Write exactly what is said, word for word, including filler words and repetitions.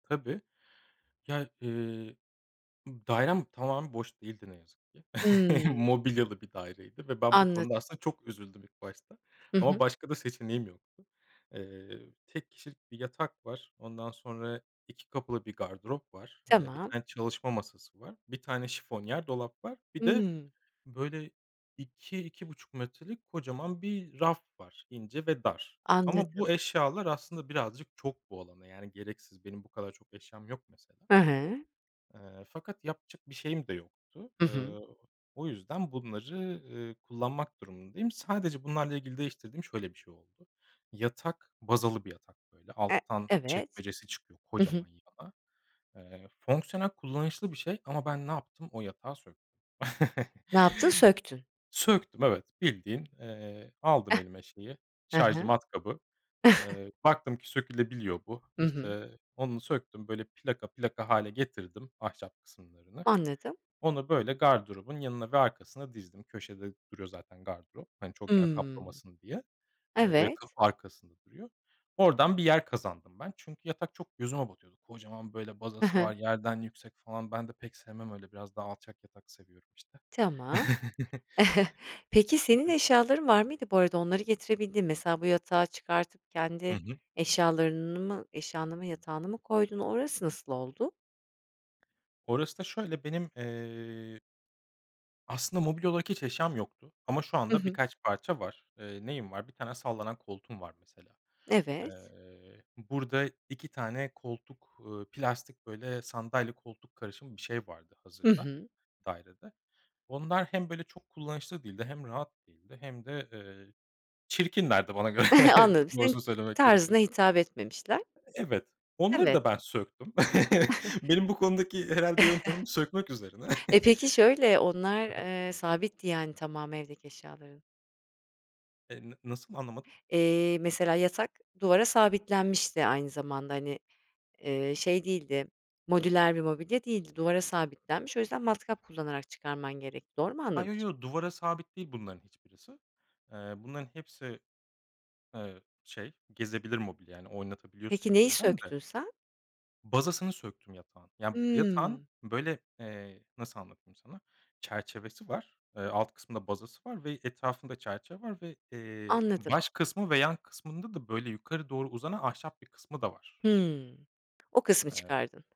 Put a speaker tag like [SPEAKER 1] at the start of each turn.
[SPEAKER 1] Tabii. Ya, ııı, ı dairem tamamen boş değildi ne yazık ki.
[SPEAKER 2] Hımm.
[SPEAKER 1] Mobilyalı bir daireydi ve ben bu
[SPEAKER 2] Anladım.
[SPEAKER 1] konuda aslında çok üzüldüm ilk başta
[SPEAKER 2] Hı
[SPEAKER 1] ama
[SPEAKER 2] hı.
[SPEAKER 1] başka da seçeneğim yoktu. Iıı, tek kişilik bir yatak var, ondan sonra iki kapılı bir gardırop var. Iıı, bir
[SPEAKER 2] Tamam.
[SPEAKER 1] tane çalışma masası var. Bir tane şifonyer dolap var. Bir de,
[SPEAKER 2] Hımm.
[SPEAKER 1] böyle, iki iki buçuk metrelik kocaman bir raf var: ince ve dar. Ama
[SPEAKER 2] Anladım.
[SPEAKER 1] bu eşyalar aslında birazcık çok bu alana, yani, gereksiz. Benim bu kadar çok eşyam yok mesela.
[SPEAKER 2] Hı hı.
[SPEAKER 1] Iıı, fakat yapacak bir şeyim de yoktu.
[SPEAKER 2] Hı hı.
[SPEAKER 1] Iıı, o yüzden bunları, ııı, kullanmak durumundayım. Sadece bunlarla ilgili değiştirdiğim şöyle bir şey oldu. Yatak bazalı bir yatak böyle
[SPEAKER 2] E
[SPEAKER 1] alttan
[SPEAKER 2] evet.
[SPEAKER 1] çekmecesi çıkıyor
[SPEAKER 2] Hı hı.
[SPEAKER 1] kocaman yana. Iıı, fonksiyonel kullanışlı bir şey ama ben ne yaptım? O yatağı söktüm.
[SPEAKER 2] Ne yaptın? Söktün.
[SPEAKER 1] Söktüm, evet, bildiğin, eee, aldım elime, şeyi,
[SPEAKER 2] Hı
[SPEAKER 1] şarjlı
[SPEAKER 2] hı.
[SPEAKER 1] matkabı. Iıı, baktım ki sökülebiliyor bu.
[SPEAKER 2] Hı hı.
[SPEAKER 1] İşte, onu söktüm, böyle plaka plaka hâle getirdim ahşap kısımlarını.
[SPEAKER 2] Anladım.
[SPEAKER 1] Onu böyle gardırobun yanına ve arkasına dizdim köşede duruyor zaten gardırop. Hani çok yer
[SPEAKER 2] Imm.
[SPEAKER 1] kaplamasın diye. Eee, böyle kapı
[SPEAKER 2] Evet.
[SPEAKER 1] arkasında duruyor. Oradan bir yer kazandım ben. Çünkü yatak çok gözüme batıyordu. Kocaman böyle
[SPEAKER 2] Hı
[SPEAKER 1] bazası
[SPEAKER 2] hı.
[SPEAKER 1] var, yerden yüksek falan. Ben de pek sevmem öyle biraz daha alçak yatak seviyorum, işte.
[SPEAKER 2] Tamam. Peki, senin
[SPEAKER 1] Evet.
[SPEAKER 2] eşyaların var mıydı bu arada, onları getirebildin mi? Mesela bu yatağı çıkartıp
[SPEAKER 1] Hı
[SPEAKER 2] kendi
[SPEAKER 1] hı.
[SPEAKER 2] eşyalarını mı eşyanı mı yatağını mı koydun? Orası nasıl oldu?
[SPEAKER 1] Orası da şöyle: Benim, ııı, aslında mobilya olarak hiç eşyam yoktu ama şu
[SPEAKER 2] I
[SPEAKER 1] anda
[SPEAKER 2] hı.
[SPEAKER 1] birkaç parça var. Eee, neyim var? bir tane sallanan koltuğum var mesela.
[SPEAKER 2] Evet.
[SPEAKER 1] Iıı, burada iki tane koltuk, ııı, plastik, böyle, sandalye koltuk karışımı bir şey vardı
[SPEAKER 2] Hı
[SPEAKER 1] hazırda,
[SPEAKER 2] hı.
[SPEAKER 1] dairede. Onlar hem böyle çok kullanışlı değildi hem rahat değildi hem de, ııı, çirkinlerdi bana göre
[SPEAKER 2] Anladım, senin
[SPEAKER 1] doğrusunu söylemek
[SPEAKER 2] tarzına
[SPEAKER 1] gerekirse.
[SPEAKER 2] hitap etmemişler.
[SPEAKER 1] Evet, onları
[SPEAKER 2] Evet.
[SPEAKER 1] da ben söktüm. Benim bu konudaki herhâlde yöntemim sökmek üzerine.
[SPEAKER 2] E, peki, şöyle, onlar,
[SPEAKER 1] Hı hı.
[SPEAKER 2] ııı, sabitti yani, tamamı evdeki eşyaların?
[SPEAKER 1] Eee, n nasıl anlamadım?
[SPEAKER 2] Eee, mesela yatak duvara sabitlenmişti aynı zamanda, hani, ııı, şey değildi, modüler bir mobilya değildi, duvara sabitlenmiş. O yüzden matkap kullanarak çıkarman gerekti. Doğru mu
[SPEAKER 1] Ha, yo,
[SPEAKER 2] anlamışım?
[SPEAKER 1] yo, duvara sabit değil bunların hiçbirisi. Iıı, bunların hepsi, ııı, şey, gezebilir mobilya. Hani oynatabiliyorsun
[SPEAKER 2] Peki, neyi
[SPEAKER 1] yerinden de.
[SPEAKER 2] söktün sen?
[SPEAKER 1] Bazasını söktüm yatağın. Ya yatağın,
[SPEAKER 2] Hımm.
[SPEAKER 1] böyle, eee, nasıl anlatayım sana? Çerçevesi var. Iıı, alt kısmında bazası var ve etrafında çerçeve var ve, eee,
[SPEAKER 2] Anladım.
[SPEAKER 1] baş kısmı ve yan kısmında da böyle yukarı doğru uzanan ahşap bir kısmı da var.
[SPEAKER 2] Hımm, o kısmı
[SPEAKER 1] Eee
[SPEAKER 2] çıkardın.